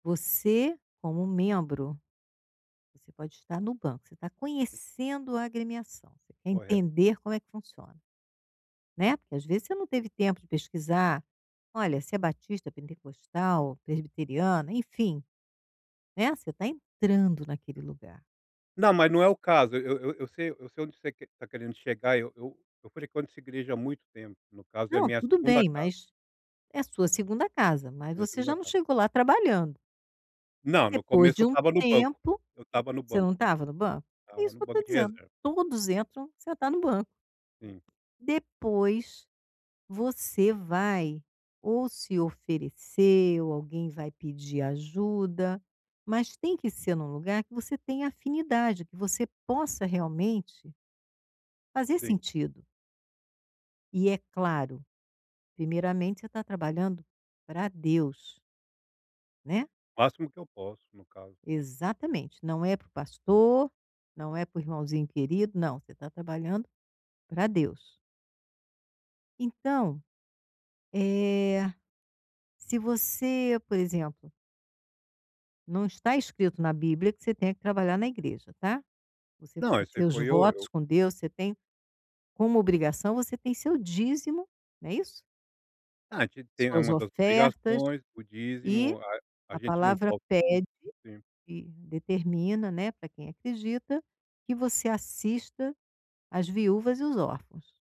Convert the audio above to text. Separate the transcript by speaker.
Speaker 1: Você como membro, você pode estar no banco, você está
Speaker 2: E
Speaker 1: conhecendo a agremiação, você quer
Speaker 2: Correto.
Speaker 1: entender como é que funciona, né, porque às vezes você não teve tempo de pesquisar, olha, se é batista, pentecostal, presbiteriana, enfim, né. Você está entrando naquele lugar.
Speaker 2: Não mas não é o caso, eu eu eu sei eu sei onde você quer tá querendo chegar eu eu eu frequento essa igreja há muito tempo, no caso é
Speaker 1: Não,
Speaker 2: minha
Speaker 1: tudo
Speaker 2: 2ª
Speaker 1: bem
Speaker 2: casa.
Speaker 1: mas, é sua 2ª casa, mas
Speaker 2: Minha
Speaker 1: você
Speaker 2: 2ª
Speaker 1: já não
Speaker 2: casa.
Speaker 1: chegou lá trabalhando.
Speaker 2: Não, no
Speaker 1: Depois
Speaker 2: começo
Speaker 1: de
Speaker 2: eu
Speaker 1: um
Speaker 2: estava no banco,
Speaker 1: tempo,
Speaker 2: eu estava no
Speaker 1: você
Speaker 2: banco,
Speaker 1: não estava no banco? É
Speaker 2: estava
Speaker 1: isso
Speaker 2: no
Speaker 1: que eu estou
Speaker 2: banco de
Speaker 1: dizendo,
Speaker 2: reserva.
Speaker 1: todos entram, senta no banco.
Speaker 2: Sim.
Speaker 1: Depois, você vai ou se oferecer ou alguém vai pedir ajuda, mas tem que ser no lugar que você tenha afinidade, que você possa realmente fazer
Speaker 2: Sim.
Speaker 1: sentido. E é claro, primeiramente você tá trabalhando para Deus. Né.
Speaker 2: O máximo que eu posso no caso, né.
Speaker 1: Exatamente, não é para o pastor, não é para o irmãozinho querido, não, você está trabalhando para Deus. Então, eh, se você por exemplo não está escrito na bíblia que você tenha que trabalhar na igreja tá, você
Speaker 2: Não esse
Speaker 1: seus
Speaker 2: foi eu
Speaker 1: votos
Speaker 2: eu
Speaker 1: com Deus, você tem como obrigação você tem seu dízimo, né isso?
Speaker 2: Ah a gente tem é
Speaker 1: Suas
Speaker 2: uma das
Speaker 1: ofertas,
Speaker 2: obrigações, o
Speaker 1: e
Speaker 2: dízimo a a
Speaker 1: a
Speaker 2: gente não
Speaker 1: palavra
Speaker 2: toca o culto,
Speaker 1: pede,
Speaker 2: sim.
Speaker 1: e determina, né, para quem acredita, que você assista as viúvas e os órfãos.